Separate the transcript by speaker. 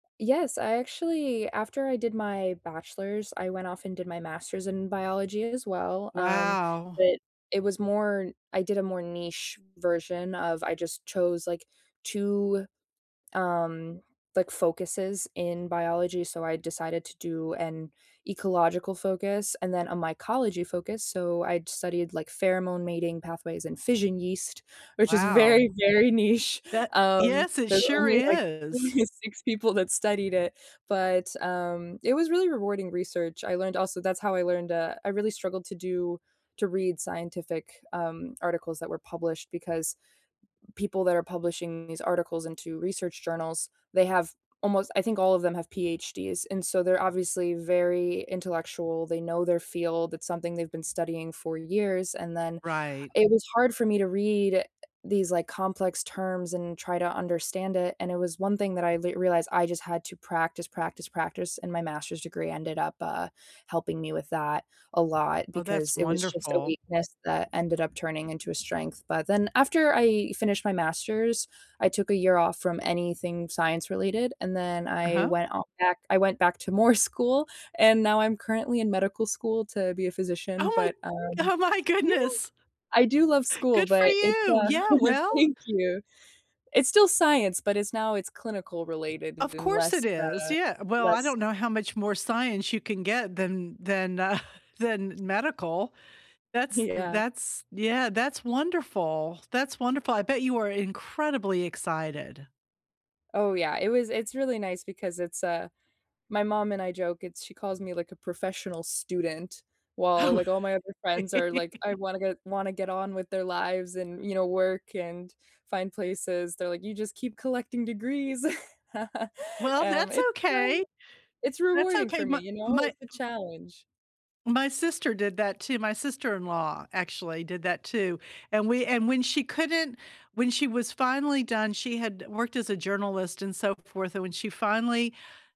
Speaker 1: Yes, I actually after I did my Bachelor's, I went off and did my Master's in biology as well, um,
Speaker 2: Wow.
Speaker 1: but it it was more, I did a more niche version of I just chose like 2, um, like, focuses in biology. So, I decided to do an ecological focus, and then a mycology focus. So, I'd studied like pheromone mating pathways and fission yeast, which is
Speaker 2: Wow.
Speaker 1: very, very niche.
Speaker 2: That
Speaker 1: Um,
Speaker 2: yes, it
Speaker 1: there's
Speaker 2: sure
Speaker 1: only like only
Speaker 2: is.
Speaker 1: 6 people that studied it. But, um, it was really rewarding research. I learned also that's how I learned, uh, I really struggled to do to read scientific, um, articles that were published, because people that are publishing these articles into research journals, they have almost, I think all of them have PhDs, and so they're obviously very intellectual, they know their field, it's something they've been studying for years, and then,
Speaker 2: Right.
Speaker 1: it was hard for me to read eh these like, complex terms and try to understand it, and it was 1 thing that I th realized I just had to practice, practice, practice, and my Master's degree ended up, uh, helping me with that a lot,
Speaker 2: Oh,
Speaker 1: because
Speaker 2: that's
Speaker 1: it was just a
Speaker 2: wonderful.
Speaker 1: weakness that ended up turning into a strength, but then after I finished my Master's, I took a year off from anything science related, and then I
Speaker 2: Uh-huh.
Speaker 1: went out back I went back to more school, and now I'm currently in medical school to be a physician.
Speaker 2: Oh my
Speaker 1: But, um
Speaker 2: oh my
Speaker 1: yeah,
Speaker 2: goodness.
Speaker 1: I do love school,
Speaker 2: Good for
Speaker 1: but it's,
Speaker 2: you.
Speaker 1: uh
Speaker 2: Yeah, well.
Speaker 1: thank you. It's still science, but it's now it's clinical related
Speaker 2: Of
Speaker 1: and
Speaker 2: course
Speaker 1: less,
Speaker 2: it is.
Speaker 1: uh,
Speaker 2: Yeah, well, I
Speaker 1: less
Speaker 2: don't know how much more science you can get than than, uh, than medical. That's th
Speaker 1: Yeah.
Speaker 2: that's yeah, that's wonderful, that's wonderful. I bet you are incredibly excited.
Speaker 1: Oh, yeah. It was it's really nice because it's, uh, my mom and I joke, it's she calls me like, a professional student while,
Speaker 2: Oh.
Speaker 1: like, all my other friends are like, I wanna get wanna get on with their lives and you know, work and find places they're like, "You just keep collecting degrees."
Speaker 2: Well,
Speaker 1: Um,
Speaker 2: that's
Speaker 1: it's, um,
Speaker 2: okay.
Speaker 1: it's
Speaker 2: That's
Speaker 1: rewarding
Speaker 2: okay.
Speaker 1: for me
Speaker 2: My
Speaker 1: you know,
Speaker 2: my m
Speaker 1: it's a challenge.
Speaker 2: my sister my did that too, my sister-in-law actually, did that too. And we and when she couldn't when she was finally done, she had worked as a journalist and so forth, and when she finally